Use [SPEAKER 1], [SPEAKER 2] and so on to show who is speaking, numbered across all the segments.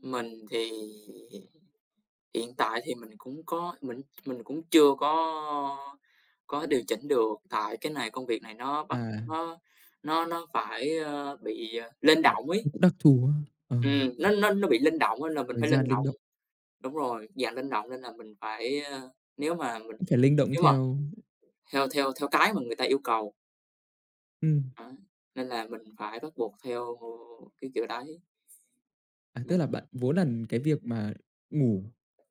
[SPEAKER 1] Mình thì hiện tại thì mình cũng có mình mình cũng chưa có có điều chỉnh được. Tại cái này công việc này nó bắt
[SPEAKER 2] À.
[SPEAKER 1] nó nó nó phải, ơ, bị, ờ, linh
[SPEAKER 2] [unintelligible]
[SPEAKER 1] động ấy.
[SPEAKER 2] Cũng đặc thù ha, ờ.
[SPEAKER 1] Ừm, nó nó nó bị linh động nên là mình
[SPEAKER 2] Thời
[SPEAKER 1] phải
[SPEAKER 2] gian
[SPEAKER 1] linh
[SPEAKER 2] linh
[SPEAKER 1] động,
[SPEAKER 2] động.
[SPEAKER 1] đúng rồi, dạng linh động nên là mình phải, ơ nếu mà mình
[SPEAKER 2] Cũng phải linh động
[SPEAKER 1] nếu mà
[SPEAKER 2] theo.
[SPEAKER 1] theo theo theo cái mà người ta yêu cầu.
[SPEAKER 2] Ừm.
[SPEAKER 1] Đấy, nên là mình phải bắt buộc theo cái kiểu đấy.
[SPEAKER 2] À, tức
[SPEAKER 1] Mình
[SPEAKER 2] là bạn muốn là cái việc mà ngủ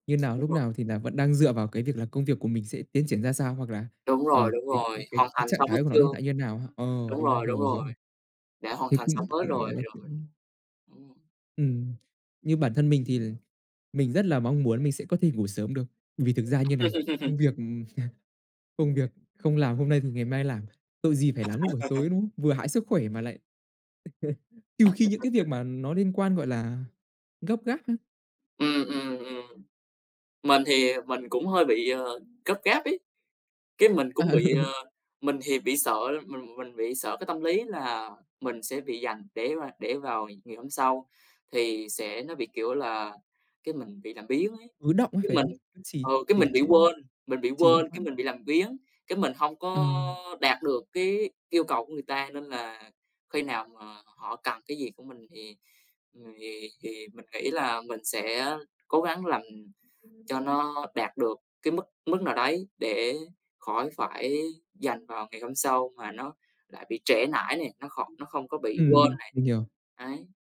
[SPEAKER 2] như nào,
[SPEAKER 1] Đúng
[SPEAKER 2] lúc
[SPEAKER 1] rồi.
[SPEAKER 2] nào thì là vẫn đang dựa vào cái việc là công việc của mình sẽ tiến triển ra sao, hoặc là,
[SPEAKER 1] Đúng rồi,
[SPEAKER 2] ờ,
[SPEAKER 1] đúng
[SPEAKER 2] cái cái
[SPEAKER 1] rồi.
[SPEAKER 2] cái
[SPEAKER 1] Hoàn
[SPEAKER 2] cái
[SPEAKER 1] thành
[SPEAKER 2] trạng
[SPEAKER 1] xong hết
[SPEAKER 2] thái của nó
[SPEAKER 1] chưa?
[SPEAKER 2] hiện tại như thế nào ha? Ờ,
[SPEAKER 1] Đúng
[SPEAKER 2] đúng rồi,
[SPEAKER 1] rồi,
[SPEAKER 2] hiểu
[SPEAKER 1] đúng
[SPEAKER 2] rồi.
[SPEAKER 1] rồi, đã hoàn
[SPEAKER 2] Thế
[SPEAKER 1] thành xong
[SPEAKER 2] cũng
[SPEAKER 1] hết
[SPEAKER 2] cũng,
[SPEAKER 1] rồi,
[SPEAKER 2] gọi là,
[SPEAKER 1] rồi.
[SPEAKER 2] cũng
[SPEAKER 1] Ừm.
[SPEAKER 2] Ừm, nhưng bản thân mình thì l mình rất là mong muốn mình sẽ có thể ngủ sớm được. Vì thực ra như này, công việc công việc không làm hôm nay thì ngày mai làm, tội gì phải làm lúc buổi tối, đúng không? Vừa hại sức khỏe mà lại trừ khi những cái việc mà nó liên quan, gọi là, gấp gáp á.
[SPEAKER 1] Ừm, ừm, ừm. Mình thì mình cũng hơi bị, ờ, gấp gáp ấy, cái mình
[SPEAKER 2] À,
[SPEAKER 1] cũng bị,
[SPEAKER 2] ừ.
[SPEAKER 1] ờ mình thì bị sợ mình mình bị sợ cái tâm lý là mình sẽ bị dành để mà để vào ngày hôm sau, thì sẽ nó bị kiểu là cái mình bị làm biếng ấy.
[SPEAKER 2] Ứ đọng ấy,
[SPEAKER 1] Cái
[SPEAKER 2] phải
[SPEAKER 1] mình
[SPEAKER 2] không? Cứ trì
[SPEAKER 1] ừ, cái
[SPEAKER 2] trì
[SPEAKER 1] mình bị
[SPEAKER 2] trệ,
[SPEAKER 1] quên, mình bị
[SPEAKER 2] trì
[SPEAKER 1] quên, cái
[SPEAKER 2] hoãn.
[SPEAKER 1] mình bị làm biếng, cái mình hông
[SPEAKER 2] Ờ.
[SPEAKER 1] có đạt được cái yêu cầu của người ta. Nên là khi nào mà họ cần cái gì của mình thì, ừm, thì thì mình nghĩ là mình sẽ cố gắng làm cho nó đạt được cái mức mức nào đấy để khỏi phải dành vào ngày hôm sau mà nó lại bị trễ nải nè, nó kh nó không có bị quên
[SPEAKER 2] Ừm,
[SPEAKER 1] này,
[SPEAKER 2] mình hiểu.
[SPEAKER 1] ấy.